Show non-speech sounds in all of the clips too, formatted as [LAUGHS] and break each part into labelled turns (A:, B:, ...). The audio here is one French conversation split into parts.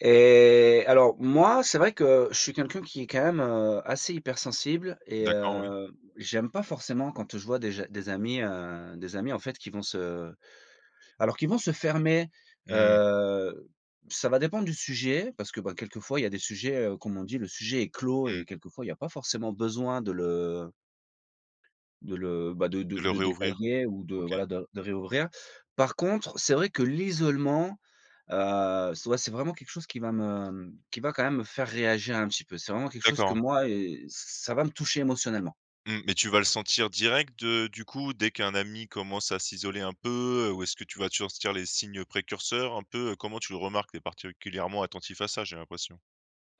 A: Et alors moi, c'est vrai que je suis quelqu'un qui est quand même, heu, assez hypersensible et
B: D'accord, oui.
A: heu, j'aime pas forcément quand je vois des ja des amis, heu, des amis en fait qui vont se alors qui vont se fermer,
B: Mmh.
A: heu, ça va dépendre du sujet parce que, bah, quelquefois il y a des sujets, heu, comme on dit: «le sujet est clos»
B: Mmh.
A: et quelquefois, il y a pas forcément besoin de le de le, bah, de de
B: Le
A: de
B: réouvrir?
A: détailler ou de
B: OK.
A: voilà de de réouvrir. Par contre c'est vrai que l'isolement, heu, c'est ouais c'est vraiment quelque chose qui va me, mmh, qui va quand même me faire réagir un petit peu. C'est vraiment quelque chose que
B: D'accord.
A: moi, eh ç ça va me toucher émotionnellement.
B: Mmh. Mais tu vas le sentir direct de du coup dès qu'un ami commence à s'isoler un peu, heu, ou est-ce que tu vas te sentir les signes précurseurs un peu? Comment tu le remarques? Tu es particulièrement attentif à ça j'ai l'impression.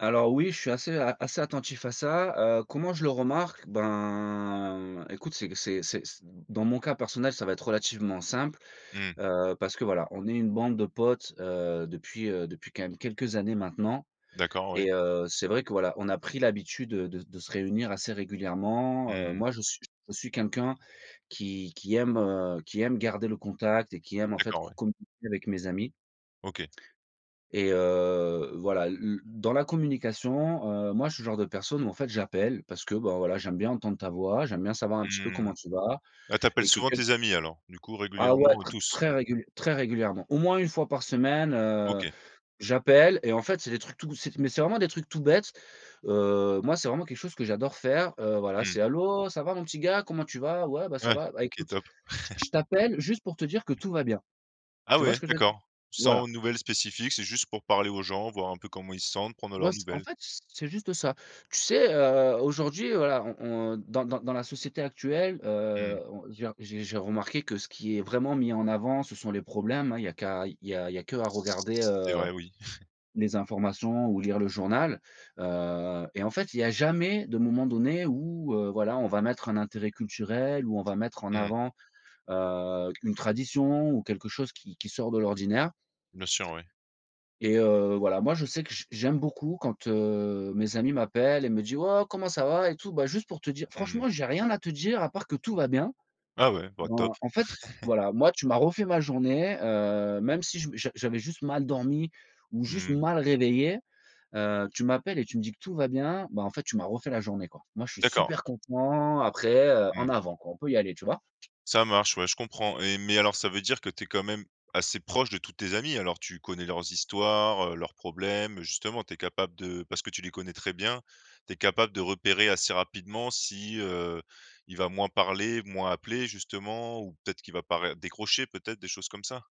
A: Alors oui, je suis assez a assez attentif à ça, heu. Comment je le remarque? Ben, écoute, c'est q c'est c'est c dans mon cas personnel, ça va être relativement simple,
B: Mmh.
A: heu, parce que voilà. On est une bande de potes, heu, depuis, heu, depuis quand même quelques années maintenant
B: D'accord, ouais.
A: et heu, c'est vrai que voilà, on a pris l'habitude de de se réunir assez régulièrement, heu.
B: Mmh.
A: Moi je suis je suis quelqu'un qui qui aime, heu, qui aime garder le contact et qui aime en fait
B: D'accord,
A: co
B: ouais.
A: communiquer avec mes amis.
B: OK.
A: Et heu, voilà l l dans la communication, heu, moi je suis le genre de personne où en fait j'appelle parce que, ben, voilà, j'aime bien entendre ta voix, j'aime bien savoir un petit peu
B: Mmh.
A: comment tu vas
B: Ah, tu appelles
A: et que
B: souvent
A: quel
B: tes amis alors? Du coup
A: Ah ouais
B: régulièrement, heu,
A: tr
B: tous?
A: très réguliè très régulièrement, au moins 1 fois par semaine, heu,
B: OK.
A: j'appelle et en fait c'est des trucs tout, c'est mais c'est vraiment des trucs tout bêtes, heu. Moi c'est vraiment quelque chose que j'adore faire, heu, voilà
B: Mmh.
A: c'est: «Allô, ça va mon petit gars, comment tu vas? Ouais, bah, ça
B: Ouais,
A: va, bah,
B: OK.
A: écoute
B: Top!
A: j je
B: [LAUGHS]
A: t'appelle juste pour te dire que tout va bien».
B: Ah
A: Tu vois
B: ouais?
A: ce que je veux dire?
B: D'accord, sans
A: Voilà.
B: nouvelles spécifiques, c'est juste pour parler aux gens, voir un peu comment ils se sentent, prendre de
A: Moi
B: leurs
A: c en
B: nouvelles?
A: fait c c'est juste ça. Tu sais, heu, aujourd'hui voilà on on dans dans dans la société actuelle,
B: Mmh.
A: heu, on il y a j'ai j'ai remarqué que ce qui est vraiment mis en avant, ce sont les problèmes, hein, il y a qu'à il y a il y a qu'à regarder,
B: C'est
A: heu,
B: vrai, oui. [CHUCKLES]
A: les informations ou lire le journal, heu, et en fait, il y a jamais de moment donné où, heu, voilà on va mettre un intérêt culturel, où on va mettre en
B: Mmh.
A: avant, heu, une tradition, ou quelque chose qui qui sort de l'ordinaire.
B: Bien sûr, oui.
A: Et heu, voilà moi je sais que j j'aime beaucoup quand, heu, mes amis m'appellent et me dit: «Waouh comment ça va et tout? Bah, juste pour te dire
B: Mmh.
A: franchement j'ai rien à te dire à part que tout va bien».
B: Ah ouais? Bah, top.
A: Ben, en fait
B: [LAUGHS]
A: voilà, moi tu m'as refait ma journée, heu, même si je m j'a j'avais juste mal dormi ou juste
B: Mmh.
A: mal réveillé, heu, tu m'appelles et tu me dis que tout va bien, ben en fait tu m'as refait la journée quoi. Moi je suis
B: D'accord.
A: super content après, heu, en
B: Mmh.
A: avant quoi on peut y aller. Tu vois?
B: Ça marche ouais, je comprends et mais alors ça veut dire que tu es quand même assez proche de tous tes amis, alors? Tu connais leurs histoires, heu, leurs problèmes, justement tu es capable de parce que tu les connais très bien, tu es capable de repérer assez rapidement si, heu, il va moins parler, moins appeler justement, ou peut-être qu'il va pas ré décrocher peut-être, des choses comme ça?